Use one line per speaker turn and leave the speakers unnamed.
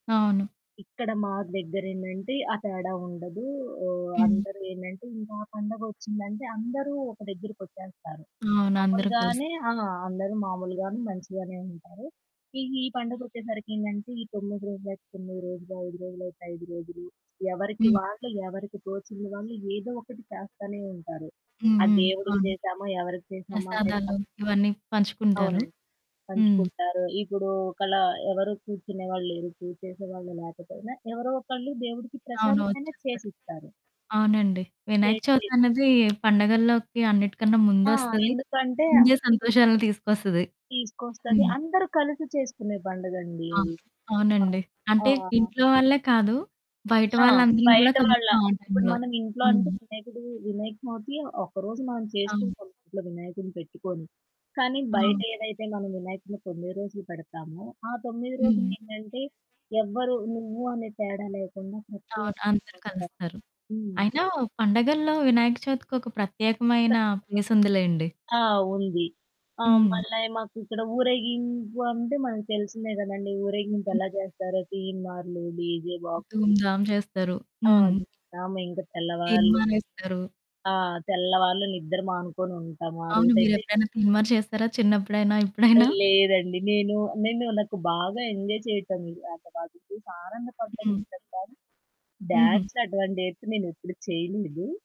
అవును.
ఇక్కడ మా దగ్గరేందంటే ఆ తేడా ఉండదు. ఆహ్,
హ్మ్.
అందరూ ఏంటంటే ఇంకా ఆ పండగ వచ్చిందంటే అందరూ ఒక దగ్గరకి వచ్చేస్తారు.
అవును. అందరు కలిసి.
మాములుగానే ఆ! అందరూ మామూలుగానే మంచిగానే ఉంటారు. ఈ ఈ పండగొచ్చేసరికి ఏందంటే ఈ 9 రోజులయితే 9 రోజులు, 5 రోజులయితే 5 రోజులు ఎవరికి
హ్మ్
వాళ్ళు ఎవరికి తోచింది వాళ్ళు ఏదో ఒకటి చేస్తానే ఉంటారు.
హ్మ్.
ఆ
హ్మ్.
దేవుడికి
అవును
చేసామా ఎవరికి చేశామా అనేది ప
ప్రసాదాలు ఇవన్నీ పంచుకుంటారు.
అవునండి
హ్మ్.
పంచుకుంటారు. ఇప్పుడు ఒకలా ఎవరు కూర్చునేవాళ్ళు లేరు. పూజ చేసేవాళ్ళు లేకపోయినా ఎవరో ఒకళ్ళు దేవుడికి
అవును.
ప్రసాదమైనా
వచ్చేస్తది.
చేసిస్తారు.
అవునండి. వినాయక
చేసి
చవితన్నది పండుగల్లోకి అన్నిటికన్నా
ఆ!
ముందొస్తది,
ఎందుకంటే
ముందే సంతోషాలను తీసుకొస్తది.
తీసుకొస్తది.
హ్మ్.
అందరూ కలిసి చేసుకునే పండుగండి
ఆ!
అది. ఆ!
అవునండి.
ఆ!
అంటే ఇంట్లో వాళ్ళే కాదు బయట
ఆ!
వాళ్ళందరం గూడా
బయట వాళ్ళ
కలుస్తాం ఆ
ఇప్పుడు
టైంలో.
మనమింట్లో అంటే
హ్మ్.
వినాయకుడు వినాయకచవితి ఒకరోజు మనం
అవును.
చేసుకుంటాం ఇంట్లో వినాయకుడిని పెట్టుకొని కానీ
అవును.
బయటేదైతే మనం వినాయకుడిని 9 రోజులు పెడతామో ఆ 9
హ్మ్.
రోజులేంటంటే ఎవ్వరు నువ్వు అని తేడా లేకుండా ప్రతి
అవును. అందరూ
ఒక్కొళ్ళొస్తారు.
కలుస్తారు.
హ్మ్.
అయినా పండగల్లో వినాయక చవితికి ఒక
త
ప్రత్యేకమైన ప్లేసుందిలేండి.
ఆ! ఉంది. ఆ
హ్మ్.
మళ్ళా మాకు ఇక్కడ ఊరేగింపు అంటే మనకు తెలిసిందే కదండీ ఊరేగింపు
హ్మ్.
ఎలా జేస్తారో తీన్‌మార్లు డీజే బాక్సులు.
ధూంధాం చేస్తారు.
ఆ!
హ్మ్.
జాగరమే ఇంకా తెల్లవార్లు.
తీన్‌మారేస్తారు.
ఆ తెల్లవాళ్ళు నిద్ర మానుకొని ఉంటాము. ఆ
అవును.
రోజయితే
మీరెప్పుడైనా తీన్‌మా‌ర్ చేస్తారా? చిన్నప్పుడైనా? ఇప్పుడైనా?
లేదండి నేను, నేను నాకు బాగా ఎంజాయ్ చేయటమే ఇంకా వాళ్ళని చూసి ఆనందపడటం
హ్మ్.
ఇష్టం కానీ
హుహు.
డాన్స్ అటువంటి అయితే నేనెప్పుడూ చేయలేదు.